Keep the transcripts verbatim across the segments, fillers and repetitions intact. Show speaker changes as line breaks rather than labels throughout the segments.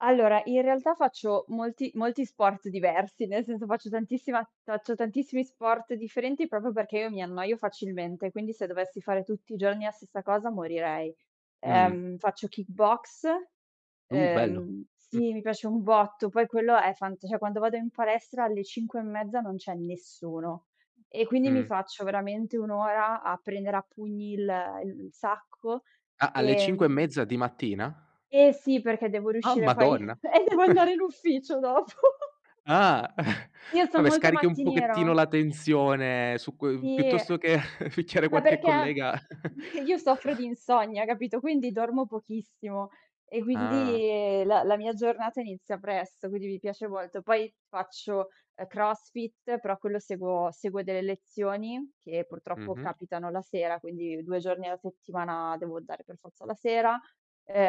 Allora, in realtà faccio molti molti sport diversi, nel senso faccio tantissima ta faccio tantissimi sport differenti, propo perché io mi annoio facilmente, quindi se dovessi fare tutti i giorni la stessa cosa morirei.
Mh-mh.
Ehm, faccio kick boxe,
Uh, bello.
ehm,
Mh.
sì, mi piace un botto, poi quello è fant ceh quando vado in palestra alle cinque e mezza non c'è nessuno. E quindi mi
Mh-mh.
faccio veramente un ora a prendere a pugni il il il sacco.
A alle cinque e
Ehm
mezza di mattina?
E sì, perché devo
Oh
riuscire poi
madonna.
eh devo andare in ufficio dopo.
Ah.
Io son
Vabbè
molto
scarichi un
mattiniera.
pochettino la tensione su cui
Sì, eh.
piuttosto che picchiare
Ma
qualche
perché
collega.
io soffro di insonnia, capito quindi dormo pochissimo e
Ah.
quindi, ehm, la la mia giornata inizia presto, quindi mi piace molto. Poi faccio, ehm, crossfit, però quello seguo seguo delle lezioni che purtroppo
Mh-mh.
capitano la sera, quindi due giorni alla settimana devo andare per forza la sera.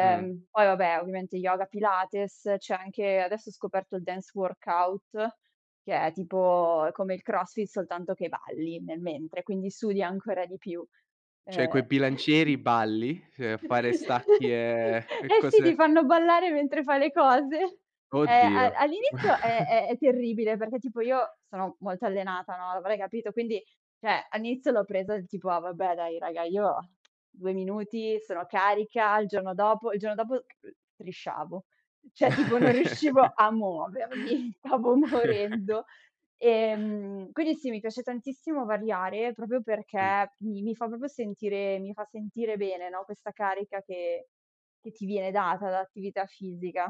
Mh.
poi vabbè, ovviamente yoga, pilates, c'è anche adesso ho scoperto il Dance workout, che è tipo è come il crossfit, soltanto che balli nel mentre, quindi sudi ancora di più.
ceh
Ehm
coi bilancieri balli, fe fare stacchi e e
Eh sì, ti
cose
fanno ballare mentre fai le cose. Ehm, a
Oddio.
all'inizio è è è terribile, perché tipo io sono molto allenata, no, avrai capito, quindi ceh, all'inizio l'ho presa tipo: "Ah vabbè dai raga, io due minuti sono carica, il giorno dopo" il giorno dopo, uhm, strisciavo. ceh, tipo non riuscivo a muovermi, stavo morendo. Ehm, quindi sì, mi piace tantissimo variare, propio
Mh.
perché mi mi fa propo sentire mi fa sentire bene, no, questa carica che che ti viene data da attività fisica.